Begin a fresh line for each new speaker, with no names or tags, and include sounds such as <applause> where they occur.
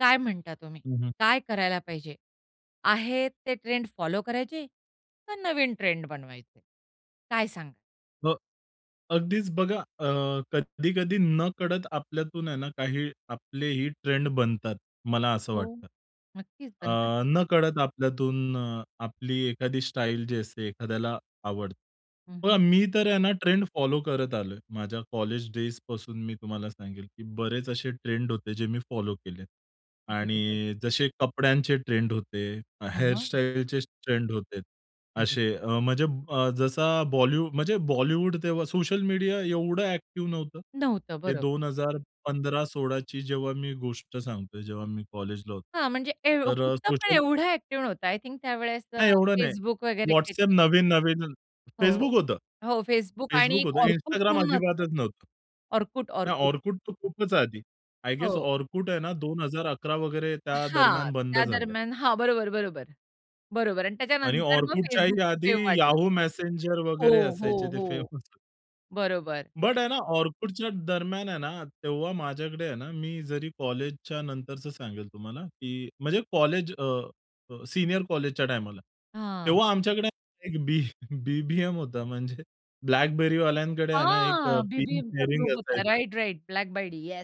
काय म्हणता तुम्ही,
हं, हं.
काय करायला पाहिजे? आहेत ते ट्रेंड फॉलो करायचे? का नवीन ट्रेंड बनवायचे? काय सांगाल?
हो, अगदीच बघा अ, कधी-कधी नकळत आपल्यातून आहे ना काही आपलेही ट्रेंड बनतात मला असं
हो,
वाटतं.
नक्कीच बनतात.
अ, नकळत आपल्यातून अ, आपली एखादी स्टाईल जी असते एखाद्याला आवडते.
हं,
पण
हं.
मी तर आहे ना ट्रेंड फॉलो करत आलोय. माझ्या कॉलेज डेजपासून मी तुम्हाला सांगेल, की बरेच असे ट्रेंड होते जे मी फॉलो केलेत
बरोबर.
आणि जसे कपड्यांचे ट्रेंड होते, अ,
हं, हं.
हेअरस्टाईलचे स ट्रेंड होते,
अरे
असे. अ, म्हणजे अ, जसा बॉलीवू म्हणजे बॉलिवूड तेव्हा सोशल मीडिया एवढं अ‍ॅक्टिव्ह नव्हतं.
नव्हतं,
हे
बरोब
2015-16ची जेव्हा मी गोष्ट सांगतोय, जेव्हा मी कॉलेजला होतो.
हां, म्हणजे एव्हं
तर अ,
होतं पण
सोशल
एवढा ॲक्टिव्ह नव्हतं. आय थिंक त्यावेळेस अ,
नाही, एवढं नाही.
Facebook वगैरे
WhatsApp
काहीतरी.
नवीन-नवीन अन्
हो, हो.
Facebook होतं.
हो Facebook आणि
फेसबुक होतं.
Orkut
Instagram
म्हणून <unintelligible>
अजिबातच नव्हतं.
Orkut,
हे
Orkut.
Orkut तर खूपच आधी. आय गेस
हो.
Orkut आहे ना 2011 वगैरे
हां.
त्यादरम्यान बंद
त्या
झालं आहे.
दरम्यान. हां, बरोबर, बरोबर. बरोबर आणि
आणि
त्याच्यानंतर मग
Orkutच्याही
Facebookचं
आधी
पेव वाढलं.
Yahoo! Messenger
हो,
वगैरे
हो,
असायचे ते
हो.
फेमस
बरोबर.
बट आहे ना Orkutच्याच दरम्यान आहे ना, तेव्हा माझ्याकडे आहे ना मी जरी कॉलेजच्या नंतरचं सांगेल तुम्हाला की म्हणजे कॉलेज अ, अ, सीनियर कॉलेजच्या टायमाला.
हां.
तेव्हा आमच्याकडे एक बी BBM होता म्हणजे BlackBerryवाल्यांकडे आहे ना एक अ,
हां,
पिन
BBMचा
शेअरिंग
ग्रुप होता.
असायचं.
Right, right. ब्लॅक बायडी येस.